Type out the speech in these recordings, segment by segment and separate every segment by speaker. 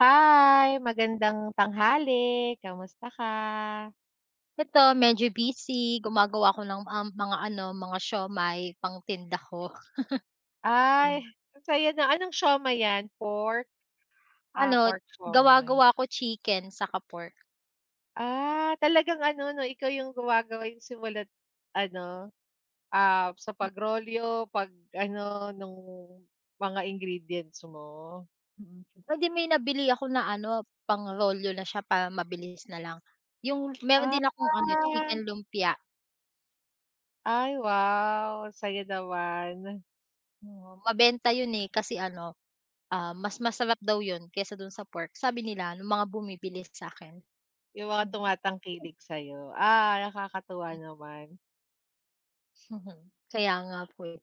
Speaker 1: Hi, magandang tanghali, kamusta ka?
Speaker 2: Eto medyo busy, gumagawa ako ng, um, mga ano, mga siomai, pangtinda ko.
Speaker 1: Ay, ang saya niyan, anong siomai 'yan, pork? Ah,
Speaker 2: Ano t
Speaker 1: pork siomai.
Speaker 2: gawa-gawa ko chicken, saka pork.
Speaker 1: Ah, talagang ano 'no, ikaw yung gumagawa yung simula't ano, ah, sa pagrolyo, 'pag ano nung, mga ingredients mo.
Speaker 2: hindi may nabili ako na ano, pangrolyo na siya para mabilis nalang. Yung meron
Speaker 1: Ah.
Speaker 2: din akong ano, chicken lumpia.
Speaker 1: Ay wow, saya naman.
Speaker 2: Oo, mabenta yun, eh, kasi ano, ah, mas masarap daw yun kesa dun sa pork, sabi nila, nung mga bumibili sa'kin.
Speaker 1: Yung mga tumatangkilik sayo. Ah, nakakatuwa
Speaker 2: M
Speaker 1: naman.
Speaker 2: Kaya nga po, eh.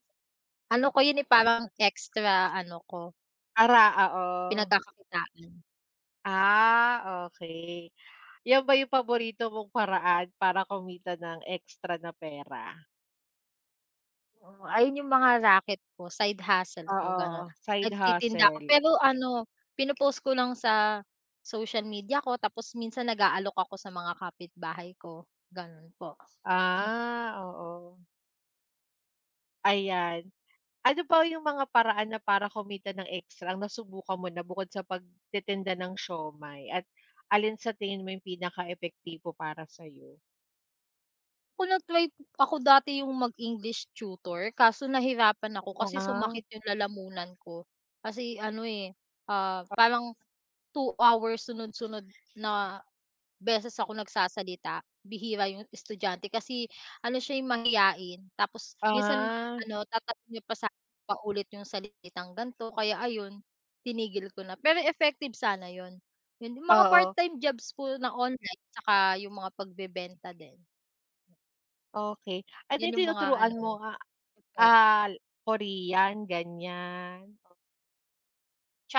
Speaker 2: Ano ko yun, eh, parang extra ano ko
Speaker 1: Ara oo.
Speaker 2: pinagkakakitaan.
Speaker 1: Ah, okey. 'Yan ba yung paborito mong paraan para kumita ng extra na pera?
Speaker 2: Oo, ayun yung mga raket ko, side hustle ko, gano'n.
Speaker 1: Oo, side
Speaker 2: Nagtitinda ako
Speaker 1: hustle.
Speaker 2: pero ano pinopost ko lang sa social media ko, tapos minsan nag-aalok ako sa mga kapitbahay ko, ganun po.
Speaker 1: Ah, oo. Ayan, ano ba yung mga paraan na para kumita ng extra, nasubukan mo na bukod sa pagtitinda ng siomai, at alin sa tingin mo yung pinaka-epektibo para sayo?
Speaker 2: Ako nag-try, ako dati 'yong mag-English tutor kaso nahirapan ako
Speaker 1: Oo
Speaker 2: kasi
Speaker 1: nga.
Speaker 2: sumakit 'yong lalamunan ko. Kasi ano eh, parang 2 hours sunod-sunod na beses ako nagsasalita, bihira 'yong estudyante, kasi ano siya eh, mahiyain. Tapos minsan
Speaker 1: Ah.
Speaker 2: ano, tatanong niya pa sa akin paulit 'yong salitang ganto, kaya ayon tinigil ko na. Pero effective sana 'yon, 'yong mga
Speaker 1: Oo.
Speaker 2: part-time jobs po na online saka yung mga pagbebenta din.
Speaker 1: Okey. Ah, 'di
Speaker 2: Yun yung mga
Speaker 1: tinuturuan
Speaker 2: ano,
Speaker 1: mo, ah
Speaker 2: effect.
Speaker 1: ah Korean ganyan? Oo.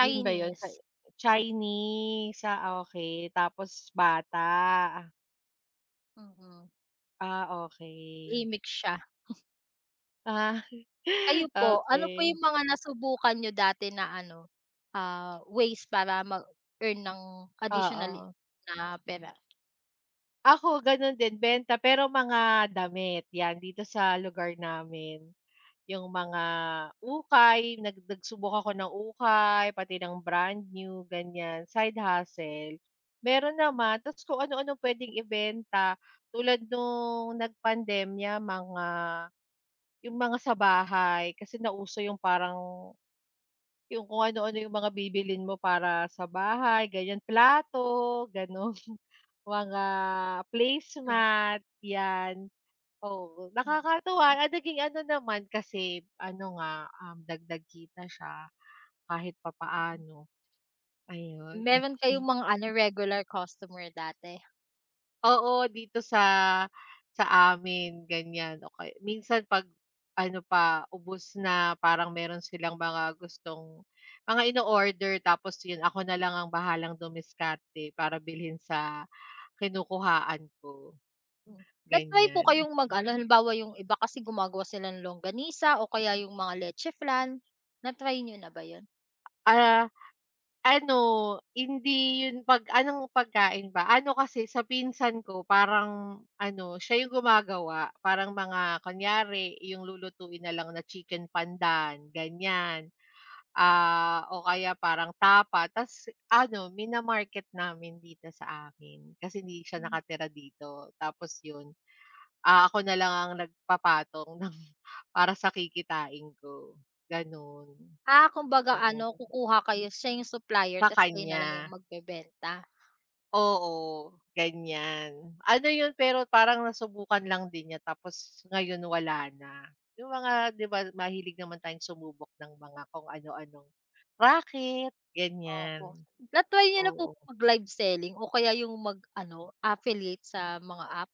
Speaker 1: Yun ba 'yon sa Chinese, ah, okey tapos bata.
Speaker 2: Mm mm.
Speaker 1: Ah, okey.
Speaker 2: Gimik siya.
Speaker 1: Ah,
Speaker 2: Kayo po? Ano po
Speaker 1: okey.
Speaker 2: yung mga nasubukan niyo dati na ano, ah, ways para mag-earn ng additional
Speaker 1: Oo.
Speaker 2: na pera?
Speaker 1: Ako gano'n din, benta pero mga damit, 'yan dito sa lugar namin. Yung mga ukay, nag nagsubok ako ng ukay, pati ng brand new gan'yan, side hustle. Meron naman ta's kung ano-ano puwedeng ibenta. Tulad nung nagpandemya, mga yung mga sa bahay kasi nauso yung parang yung kung ano-ano yung mga bibilhin mo para sa bahay gan'yan, plato gano'n, mga placemat, 'yan. Oo, nakakatuwa at naging ano naman, kasi, ano nga, um, dagdag kita siya kahit papaano, ayon.
Speaker 2: Meron kayong mga ano, regular customer dati?
Speaker 1: Oo dito, sa sa amin ganyan, o kay minsan 'pag ano pa, ubos na parang meron silang mga gustong mga ino-order tapos, yun ako na lang ang bahalang dumiskarte para bilhin sa kinukuhaan ko,
Speaker 2: Hmm, nag-try po
Speaker 1: ganyan.
Speaker 2: kayong mag-ano? Halimbawa, yung iba kasi gumagawa sila ng longganisa o kaya yung mga letche flan, na-try niyo na ba 'yon?
Speaker 1: Ah, ano, hindi yun 'pag anong pagkain ba? Ano kasi sa pinsan ko parang ano, siya yung gumagawa parang mga kunyari 'yong lulutuin na lang na chicken pandan, ganyan, ah, o kaya parang tapa ta's ano, mina-market namin dito sa amin kasi hindi siya
Speaker 2: Hmm.
Speaker 1: nakatira dito. Tapos yun, ah, ako na lang ang nagpapatong ng para sa kikitain ko, gano'n.
Speaker 2: Ah, kumbaga
Speaker 1: Oo.
Speaker 2: ano kukuha kayo, siya yung supplier
Speaker 1: Sa
Speaker 2: tapos kayo nalang yung
Speaker 1: kanya?
Speaker 2: magbebenta.
Speaker 1: Oo ganyan. Ano yun, pero parang nasubukan lang din niya tapos ngayon wala na, 'yong mga 'di ba mahilig naman tayong sumubok ng mga kung ano-anong raket ganyan,
Speaker 2: Opo, na-try niyo na po
Speaker 1: oo.
Speaker 2: ba mag-live selling, o kaya yung mag-ano, affiliate sa mga app?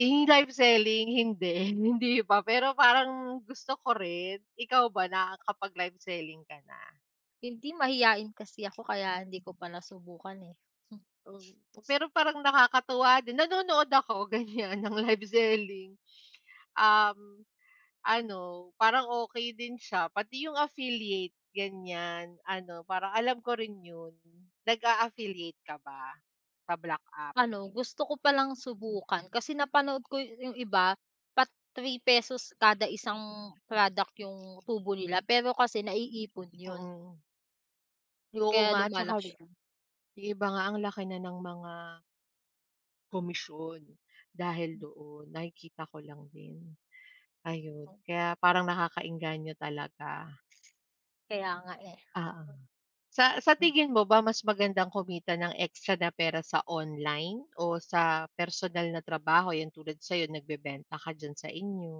Speaker 1: Yung live selling hindi, hindi pa, pero parang gusto ko rin, ikaw ba nakapag-live selling ka na?
Speaker 2: Hindi, mahiyain kasi ako kaya hindi ko pa nasubukan, eh.
Speaker 1: Pero parang nakakatuwa din, nanonood ako ganyan ng live selling. Um, ano, parang okey din siya, pati yung affiliate, ganyan, ano, parang alam ko rin 'yon. Nag-a-affiliate ka ba sa black app?
Speaker 2: Ano, gusto ko palang subukan kasi napanood ko yu yung iba pa ₱3 kada isang product yung tubo nila pero kasi naiipon 'yon.
Speaker 1: Mm. Oo
Speaker 2: Kaya
Speaker 1: nga tsaka
Speaker 2: lumalaki [unintelligible]
Speaker 1: yung iba nga ang laki na ng mga komisyon dahil doon, nakikita ko lang din. Ayun,
Speaker 2: Oh
Speaker 1: kaya parang nakaka-engganyo talaga.
Speaker 2: Kaya nga, eh.
Speaker 1: Oo. Sa sa
Speaker 2: Hmm
Speaker 1: tingin mo ba mas magandang kumita ng extra na pera sa online o sa personal na trabaho? 'Yan tulad sayo nagbebenta ka dyan sa inyo.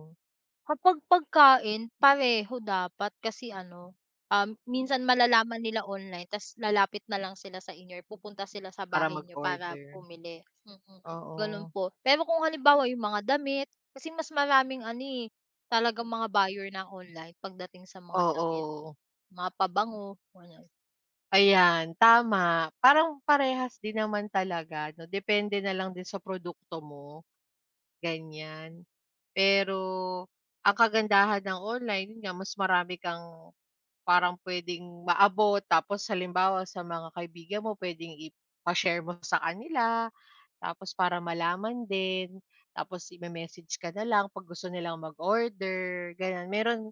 Speaker 2: Kapag pagkain, pareho dapat kasi ano, ah, minsan malalaman nila online ta's lalapit na lang sila sa inyo or pupunta sila sa
Speaker 1: Para
Speaker 2: bahay niyo para
Speaker 1: mag-order.
Speaker 2: bumili. Mm, ganun
Speaker 1: Oo.
Speaker 2: po. Pero kung halimbawa yung mga damit kasi mas maraming ano, eh, talagang mga buyer ng online pagdating sa mga damit,
Speaker 1: Oo.
Speaker 2: mga pabango, ganyan.
Speaker 1: Ayan, tama. Parang parehas din naman talaga, 'no? Depende na lang din sa produkto mo, ganyan. Pero ang kagandahan ng online, yun nga mas marami kang parang puwedeng maabot. Tapos halimbawa sa mga kaibigan mo, puwedeng ipa-share mo sa kanila tapos para malalaman din. Tapos ime-message ka na lang 'pag gusto nilang mag-order, ganyan. Meron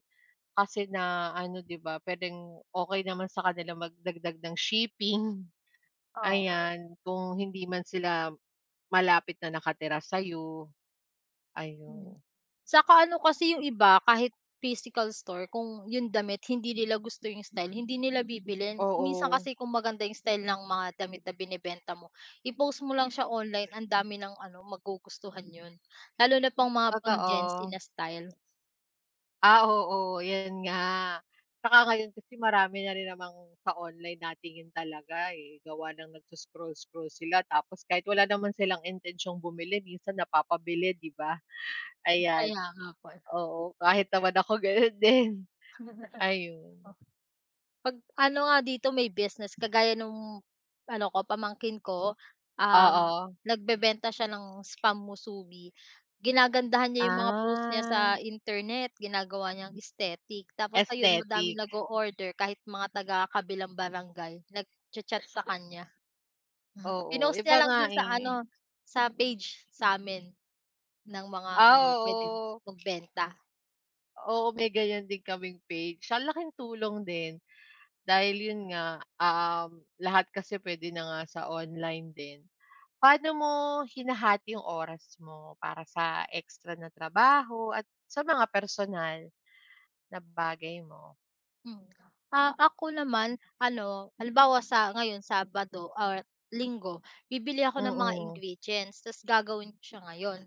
Speaker 1: kasi na ano, 'di ba, puwedeng okey naman sa kanilang magdagdag ng shipping,
Speaker 2: Oo.
Speaker 1: ayan, kung hindi man sila malapit na nakatira sa'yo.
Speaker 2: Hmm.
Speaker 1: Ayun.
Speaker 2: Tsaka ano kasi, yung iba kahit physical store kung yung damit hindi nila gusto yung style, hindi nila bibilhin. Kung minsan
Speaker 1: Oo.
Speaker 2: kasi kung maganda yung style ng mga damit na binebenta mo, i-post mo lang siya online, ang dami ng ano, magugustuhan yun. Lalo na pang mga pang-Gen Z
Speaker 1: Totoo.
Speaker 2: na style.
Speaker 1: Ah, oo yun nga. Saka ngayon kasi marami na rin namang sa online natingin talaga, eh, gawa ng nagso-scroll-scroll sila, tapos kahit wala naman silang intensiyong bumili minsan napapabili, 'di ba? Ayan.
Speaker 2: Kaya nga po, eh.
Speaker 1: Oo kahit naman ako gano'n din. Ayun.
Speaker 2: Oh. 'Pag ano nga dito may business, kagaya nung ano ko, pamangkin ko, um,
Speaker 1: Oo.
Speaker 2: nagbebenta siya ng spam musubi, ginagandahan niya 'yong mga post niya sa
Speaker 1: Ah.
Speaker 2: internet, ginagawa niyang aesthetic, tapos ayun
Speaker 1: Aesthetic.
Speaker 2: madaming nag-oorder kahit mga taga kabilang barangay, nag-cha-chat sa kanya.
Speaker 1: Oo,
Speaker 2: Pinost
Speaker 1: iba
Speaker 2: niya lang
Speaker 1: nga,
Speaker 2: dun sa
Speaker 1: eh.
Speaker 2: ano? Sa page, samin, ng mga ano
Speaker 1: Ah,
Speaker 2: puwedeng
Speaker 1: oo.
Speaker 2: magbenta.
Speaker 1: Oo, may ganiyan din kaming page, ang laking tulong din. Dahil yun nga, um, lahat kasi puwede na nga sa online din. Paano mo hinahati yung oras mo para sa extra na trabaho at sa mga personal, na bagay mo?
Speaker 2: Hmm. Ah, ako naman ano, halimbawa sa ngayon Sabado or Linggo, bibili ako ng mga
Speaker 1: Mm.
Speaker 2: ingredients ta's gagawin ko siya ngayon.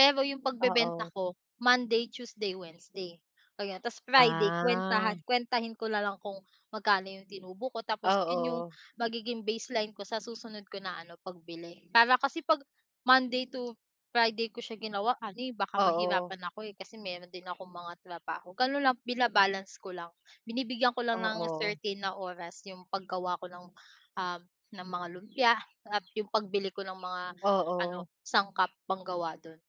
Speaker 2: Pero 'yong pagbebenta
Speaker 1: Oo.
Speaker 2: ko, Monday, Tuesday, Wednesday, oh, yun. Ta's Friday
Speaker 1: Ah.
Speaker 2: kuwentahan kuwentahin ko na lang kung magkano 'yong tinubo ko tapos 'yon 'yong
Speaker 1: Oo.
Speaker 2: magiging baseline ko sa susunod ko na ano, pagbili. Para kasi 'pag Monday to Friday ko siya ginawa ano, eh, baka
Speaker 1: Oo.
Speaker 2: mahirapan ako, eh, kasi meron din akong mga trabaho. Gano'n lang, bina-balance ko lang. Binibigyan ko lang ng
Speaker 1: Oo.
Speaker 2: certain na oras 'yong paggawa ko ng, um, ng mga lumpia at 'yong pagbili ko ng mga
Speaker 1: Oo.
Speaker 2: ano, sangkap panggawa do'n.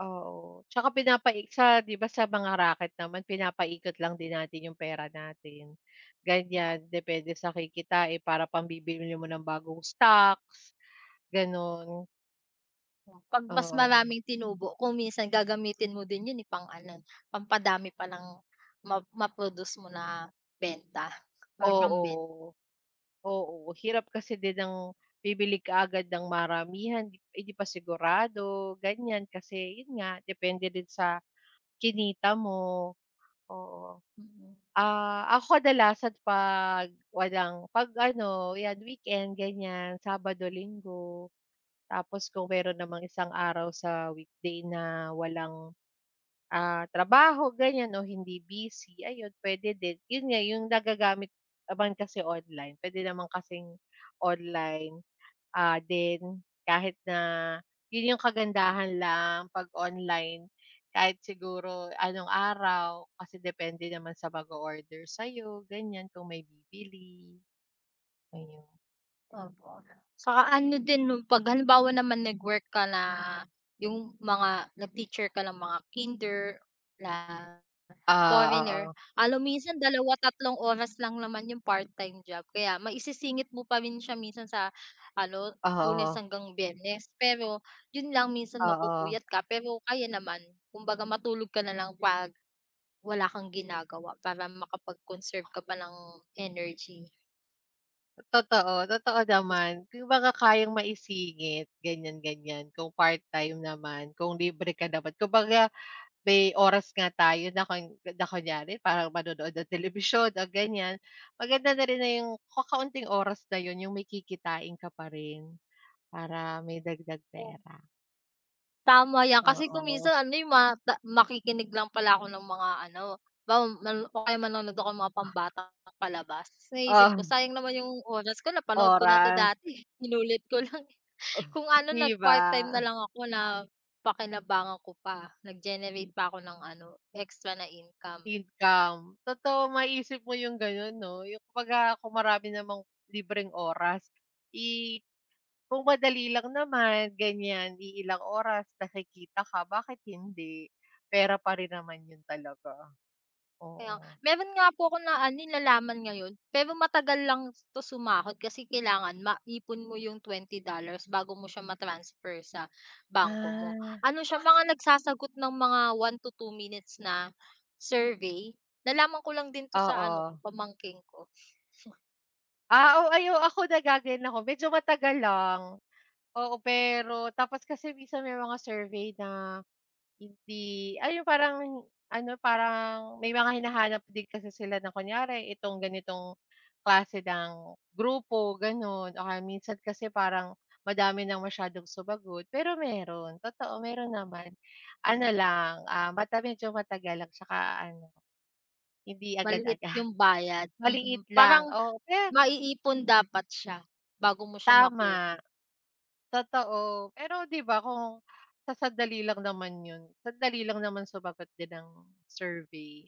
Speaker 1: Oo, tsaka pinapaig sa 'di ba sa mga raket naman pinapikot lang din natin yung pera natin, ganyan. Depende sa kikitain para pambibili mo ng bagong stocks, ganun.
Speaker 2: Oh, 'pag mas
Speaker 1: Oo.
Speaker 2: maraming tinubo, kung minsan gagamitin mo din yun, eh, pang ano, pampadami pa nang ma ma-produce mo na benta or pambi
Speaker 1: Oo. Oo, hirap kasi din ng bibili kaagad ng maramihan, di 'di pa sigurado, ganyan. Kasi 'yon nga, depende din sa kinita mo, oo.
Speaker 2: Mm.
Speaker 1: Ah, ako kadalasan 'pag walang 'pag ano, 'yan weekend ganyan, Sabado, Linggo. Tapos kung meron namang isang araw sa weekday na walang, ah, trabaho ganyan o hindi busy, ayun puwede din, yun nga yung nagagamit naman kasi online, puwede naman kasing online, ah, din kahit na yun yung kagandahan lang 'pag online, kahit siguro anong araw kasi depende naman sa mag-o-order sa'yo, ganyan kung may bibili. Ayun.
Speaker 2: Opo 'no. 'Tsaka ano din 'pag halimbawa naman nag-work ka na, 'yong mga nag-teacher ka ng mga kinder na
Speaker 1: Ah,
Speaker 2: foreigner.
Speaker 1: oo.
Speaker 2: Ano minsan, 2, 3, oras lang naman yung part-time job, kaya maisisingit mo pa rin siya minsan sa ano,
Speaker 1: Oh,
Speaker 2: Lunes
Speaker 1: oo.
Speaker 2: hanggang Biyernes, pero 'yon lang minsan
Speaker 1: Oo.
Speaker 2: mapupuyat ka pero kaya naman. Kumbaga matulog ka nalang 'pag wala kang ginagawa para makapag-conserve ka pa ng energy.
Speaker 1: Totoo totoo
Speaker 2: Kas
Speaker 1: naman, 'yong mga kayang maisingit, ganyan-ganyan kung part-time naman, kung libre ka naman. Kumbaga may oras nga tayo na kun na kunyari parang manonood ng telebisyon o gan'yan, maganda na rin na 'yong kakaunting oras na 'yon 'yong makikitain ka pa rin, para may dagdag
Speaker 2: Oh.
Speaker 1: pera.
Speaker 2: Tama 'yan, kasi kung
Speaker 1: Oo.
Speaker 2: minsan ano, eh, ma ta makikinig lang pala ako ng mga ano. Halimbawa man o kaya manonood ako ng mga pambatang palabas, naisip ko
Speaker 1: Oh.
Speaker 2: sayang naman 'yong oras ko napanood ko na to
Speaker 1: Oras.
Speaker 2: dati, inulit ko lang.
Speaker 1: Oh,
Speaker 2: Kung ano,
Speaker 1: 'di
Speaker 2: nag part-time
Speaker 1: ba.
Speaker 2: nalang ako napakinabangan ko pa, nag-generate pa ako ng ano extra na income.
Speaker 1: Income, totoo maisip mo 'yong gano'n, 'no? 'Yong kumbaga kung marami namang libreng oras. I kung madali lang naman, gan'yan iilang oras na kikita ka bakit hindi? Pera pa rin naman 'yon talaga,
Speaker 2: Kaya ng
Speaker 1: oo.
Speaker 2: meron nga po akong na ano, eh, nalaman ngayon. Pero matagal lang 'to sumahod, kasi kailangan maipon mo yung $20 bago mo siya ma-transfer sa bangko mo.
Speaker 1: Ah.
Speaker 2: Ano siya mga nagsasagot ng mga 1-2 minutes na survey. Nalaman ko lang din 'to sa ano
Speaker 1: Oo.
Speaker 2: ko, pamangkin ko.
Speaker 1: Ah, oo. Ay ako naggaganyan ako medyo matagal lang. Oo, pero tapos kasi minsan may mga survey na hindi ay yung parang ano, parang may mga hinahanap din kasi sila na kunyari itong ganitong klase ng grupo, gano'n o kaya minsan kasi parang madami ng masyadong sumagot, pero meron, totoo meron naman. Ano lang, ah, mata medyo matagal at saka ano, hindi
Speaker 2: Maliit
Speaker 1: agad-agad.
Speaker 2: 'yong bayad, mm.
Speaker 1: Maliit
Speaker 2: Parang
Speaker 1: lang, oo, pe
Speaker 2: maiipon dapat siya bago mo siya makuha.
Speaker 1: Tama. Totoo, pero 'di ba kung sa sandali lang naman 'yon, sandali lang naman sumagot din ng survey.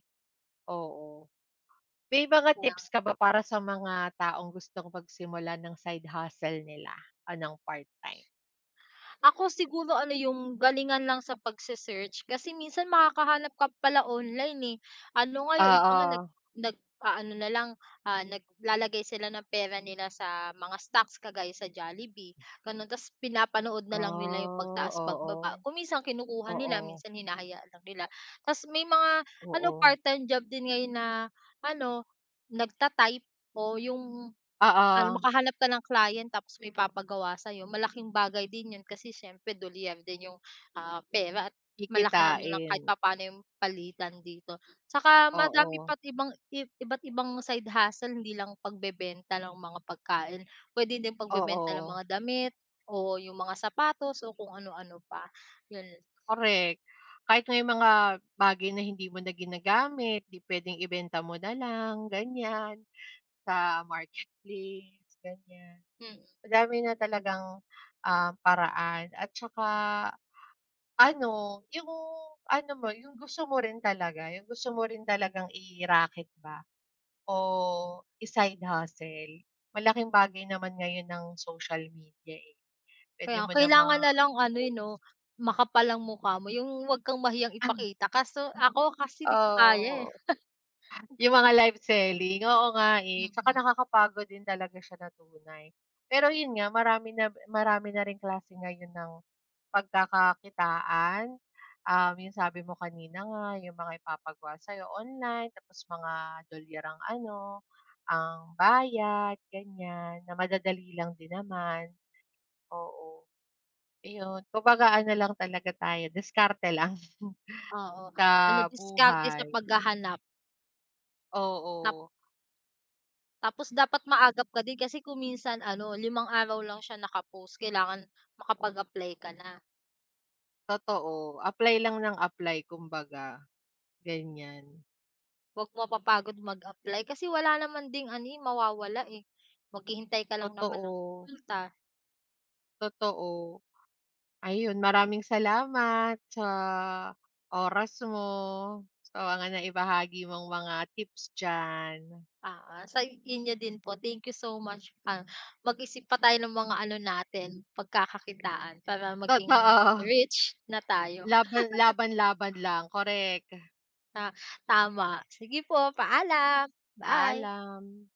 Speaker 1: Oo. May mga tips ka ba para sa mga taong gustong magsimula ng side hustle nila o ng part-time?
Speaker 2: Ako siguro ano 'yong galingan lang sa pag-se-search kasi minsan makakahanap ka pala online, eh. Ano nga, 'yong iba nga nag
Speaker 1: Oo.
Speaker 2: nag-aano na lang, ah, naglalagay sila ng pera nila sa mga stocks kagaya sa Jollibee, gano'n tapos pinapanood nalang nila 'yong
Speaker 1: Ah,
Speaker 2: pagtaas, pagbaba.
Speaker 1: oo.
Speaker 2: Kung minsan kinukuha nila,
Speaker 1: Oo.
Speaker 2: minsan hinahayaan lang nila. Ta's may mga ano,
Speaker 1: Oo.
Speaker 2: part-time job din ngayon na ano, nagta-type o 'yong ano,
Speaker 1: Oo.
Speaker 2: makahanap ka ng client tapos may ipapagawa sa'yo, malaking bagay din 'yon kasi siyempre dolyar din 'yong, ah, pera at malaki naman kahit
Speaker 1: Kikitain.
Speaker 2: papaano 'yong palitan dito. Saka madami
Speaker 1: Oo.
Speaker 2: pa't ibang iba't ibang side hustle hindi lang pagbebenta ng mga pagkain. Puwede din pagbebenta ng
Speaker 1: Oo.
Speaker 2: mga damit o 'yong mga sapatos o kung ano-ano pa, 'yon.
Speaker 1: Correct. Kahit may mga bagay na hindi mo na ginagamit, 'di puwedeng ibenta mo na lang, ganyan sa marketplace, ganyan.
Speaker 2: Mm.
Speaker 1: Madami na talagang, ah, paraan at tsaka ano, 'yong ano mo, 'yong gusto mo rin talaga. 'Yong gusto mo rin talagang i-racket ba o i side hustle. Malaking bagay naman ngayon ang social media, eh.
Speaker 2: Kaya
Speaker 1: Puwede mo
Speaker 2: nga.
Speaker 1: namang
Speaker 2: Kailangan nalang ano, eh, 'no,
Speaker 1: i-post.
Speaker 2: makapal ang mukha mo, 'yong wag kang mahiyang ipakita kaso ako kasi di ko kaya, eh.
Speaker 1: Oo. 'Yong mga live selling. Oo nga, eh.
Speaker 2: Mm.
Speaker 1: Tsaka nakakapagod din talaga siya na tunay. Pero 'yon nga, marami na marami na ring klase ngayon ng pagkakakitaan, ah, 'yong sabi mo kanina nga, 'yong mga ipapagawa sa'yo online tapos mga dolyar ang ano, ang bayad, ganyan na madadali lang din naman. Oo, iyon. Kumbaga ano lang talaga tayo, diskarte lang
Speaker 2: Oo.
Speaker 1: sa
Speaker 2: Ano, diskarte sa
Speaker 1: buhay.
Speaker 2: paghahanap. Tap
Speaker 1: Oo.
Speaker 2: Tapos dapat maagap ka din kasi kung minsan ano, 5 araw lang siya naka-post, kailangan makapag-apply ka na.
Speaker 1: Totoo, apply lang ng apply, kumbaga. Ganyan.
Speaker 2: Huwag mapapagod mag-apply kasi wala naman di namang ano, eh, mawawala, eh. Maghihintay ka lang naman ng
Speaker 1: Totoo.
Speaker 2: kita.
Speaker 1: Totoo. Ayun, maraming salamat sa oras mo, sa mga naibahagi mong mga tips diyan.
Speaker 2: Oo. Sa inyo din po thank you so much, ah, mag-isip pa tayo ng mga ano natin pagkakakitaan para maging
Speaker 1: Totoo.
Speaker 2: rich na tayo.
Speaker 1: Laban laban, laban lang correct.
Speaker 2: Ah, tama. Sige po, paalam. Bye.
Speaker 1: Paalam.